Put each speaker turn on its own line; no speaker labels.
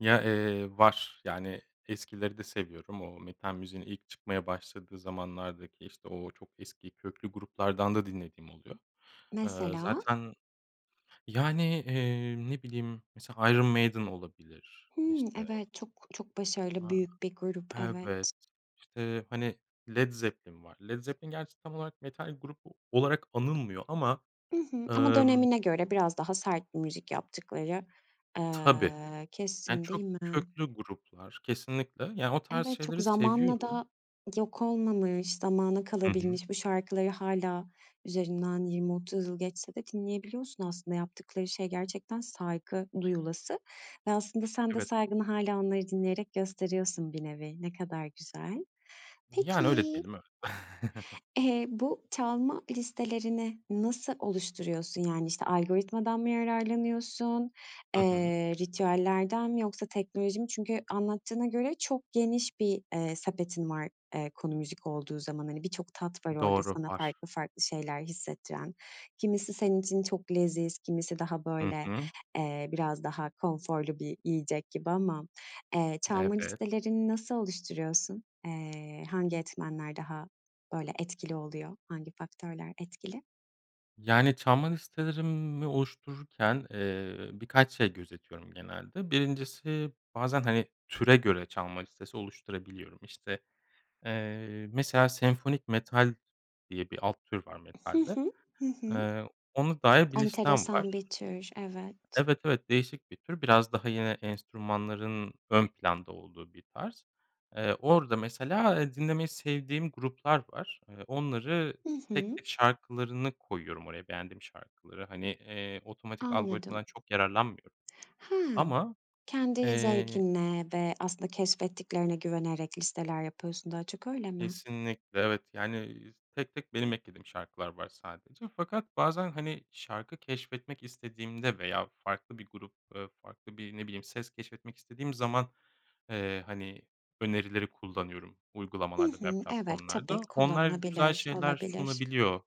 Ya, eee, var yani, eskileri de seviyorum. O metal müziğin ilk çıkmaya başladığı zamanlardaki, işte o çok eski, köklü gruplardan da dinlediğim oluyor. Eee,
Mesela?
zaten yani, iii, ne bileyim, mesela Iron Maiden olabilir.
Hımm,
İşte
evet. Çok çok başarılı,
A,
büyük bir grup,
evet.
evet.
İşte, hani, Led Zeppelin var. Led Zeppelin gerçi tam olarak metal grubu olarak anılmıyor ama,
I hı. Ama
emm
dönemine göre biraz daha sert bir müzik yaptıkları,
Tabii.
aaa,
Yani
kesin değil
çok
mi?
köklü gruplar kesinlikle. Yani, o tarz
Evet, çok
şeyleri
zamanla
seviyorum.
da yok olmamış, zamana
Hı hı.
kalabilmiş. Bu şarkıları hâlâ üzerinden 20-30 yıl geçse de dinleyebiliyorsun aslında. Yaptıkları şey gerçekten saygı duyulası ve aslında sen de
Evet.
saygını hâlâ onları dinleyerek gösteriyorsun bir nevi. Ne kadar güzel.
Yani, öyle
Peki
diyelim. Evet.
eee, bu çalma listelerini nasıl oluşturuyorsun? Yani, işte, algoritmadan mı yararlanıyorsun,
Hı hı.
eee, ritüellerden mi, yoksa teknoloji mi? Çünkü anlattığına göre çok geniş bir, eee, sepetin var, eee, konu müzik olduğu zaman. Hani, birçok tat var orada
Doğru
sana
var.
farklı farklı şeyler hissettiren. Kimisi senin için çok leziz, kimisi daha
Hı
böyle,
hı.
eee, biraz daha konforlu bir yiyecek gibi ama, eee, çalma
Evet.
listelerini nasıl oluşturuyorsun? Eee, hangi etmenler daha böyle etkili oluyor? Hangi faktörler etkili?
Yani, çalma listelerimi oluştururken, eee, birkaç şey gözetiyorum genelde: 1'incisi bazen, hani, türe göre çalma listesi oluşturabiliyorum. İşte, eee, mesela "senfonik metal" diye bir alt tür var
Hı
metalde.
hı. Hı hı.
Ona dair bir listem
Enteresan
var.
bir tür, evet.
Evet, evet, değişik bir tür. Biraz daha yine enstrümanların ön planda olduğu bir tarz. Eee, orada mesela, ha, dinlemeyi sevdiğim gruplar var. Eee, onları
Hı
tek
hı.
tek şarkılarını koyuyorum oraya, beğendiğim şarkıları. Hani, eee, otomatik
Anladım.
algoritmadan çok yararlanmıyorum
Hamm,
ama,
kendi
eee
zevkine ve aslında keşfettiklerine güvenerek listeler yapıyorsun daha çok, öyle mi?
Kesinlikle, evet. Yani, z tek tek benim eklediğim şarkılar var sadece. Fakat bazen, hani, şarkı keşfetmek istediğimde veya farklı bir grup, ııı, farklı bir, ne bileyim, ses keşfetmek istediğim zaman, eee, hani önerileri kullanıyorum,
Hı
uygulamalarda ve
hı. Evet, tabii
platformlarda. Onlar güzel
kullanılabilir,
şeyler
olabilir.
sunabiliyor.